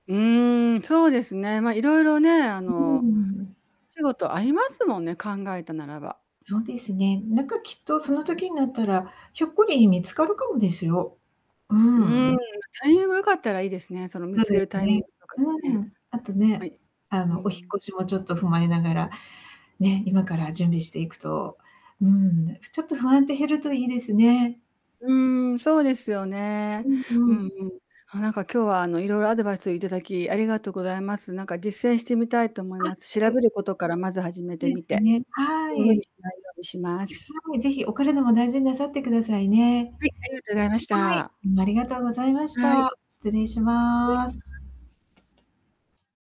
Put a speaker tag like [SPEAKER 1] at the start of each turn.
[SPEAKER 1] うーん、そうですね。まあ、いろいろね、あ
[SPEAKER 2] うー
[SPEAKER 1] の、
[SPEAKER 2] ん。
[SPEAKER 1] 仕事ありますもんね、考えたならば。
[SPEAKER 2] そうですね、なんか、きっと、その
[SPEAKER 1] うん。
[SPEAKER 2] 時になったら、ひょっこり見つかるかもですよ。う
[SPEAKER 1] うー
[SPEAKER 2] ー
[SPEAKER 1] ん、
[SPEAKER 2] ん。
[SPEAKER 1] タイミング良かったらいいですね、その、見
[SPEAKER 2] そう
[SPEAKER 1] つけ
[SPEAKER 2] で
[SPEAKER 1] る
[SPEAKER 2] す
[SPEAKER 1] タイミング
[SPEAKER 2] ね。
[SPEAKER 1] とか
[SPEAKER 2] う
[SPEAKER 1] ね。
[SPEAKER 2] ん。あと
[SPEAKER 1] ま
[SPEAKER 2] ね、
[SPEAKER 1] い
[SPEAKER 2] あ
[SPEAKER 1] にう
[SPEAKER 2] の、お引
[SPEAKER 1] ーん。
[SPEAKER 2] 越しもちょっと踏まえながら、ね、今から準備していくと、うーん、ふちょっと不安って減るといいですね。
[SPEAKER 1] うーん、そうですよね。
[SPEAKER 2] うん
[SPEAKER 1] う
[SPEAKER 2] う
[SPEAKER 1] ん
[SPEAKER 2] ん。
[SPEAKER 1] うん。あ、なんか今日は、あの、いろいろアドバイスをいただき、ありがとうございます。なんか実践してみたいと思い
[SPEAKER 2] あ、
[SPEAKER 1] ます。調
[SPEAKER 2] う
[SPEAKER 1] べ
[SPEAKER 2] ん。
[SPEAKER 1] ることからまず始
[SPEAKER 2] そ
[SPEAKER 1] め
[SPEAKER 2] う
[SPEAKER 1] て
[SPEAKER 2] で
[SPEAKER 1] み
[SPEAKER 2] す
[SPEAKER 1] て。
[SPEAKER 2] ね。は
[SPEAKER 1] うん、無理
[SPEAKER 2] い。
[SPEAKER 1] しないようにします。
[SPEAKER 2] はい、ぜひ、お体も大事になさってくださいね。
[SPEAKER 1] はい、ありがとうございまし
[SPEAKER 2] はい、
[SPEAKER 1] た。
[SPEAKER 2] むありがとうございまし
[SPEAKER 1] はい。
[SPEAKER 2] た。失礼し
[SPEAKER 1] 失礼
[SPEAKER 2] ま
[SPEAKER 1] しま
[SPEAKER 2] す。
[SPEAKER 1] す。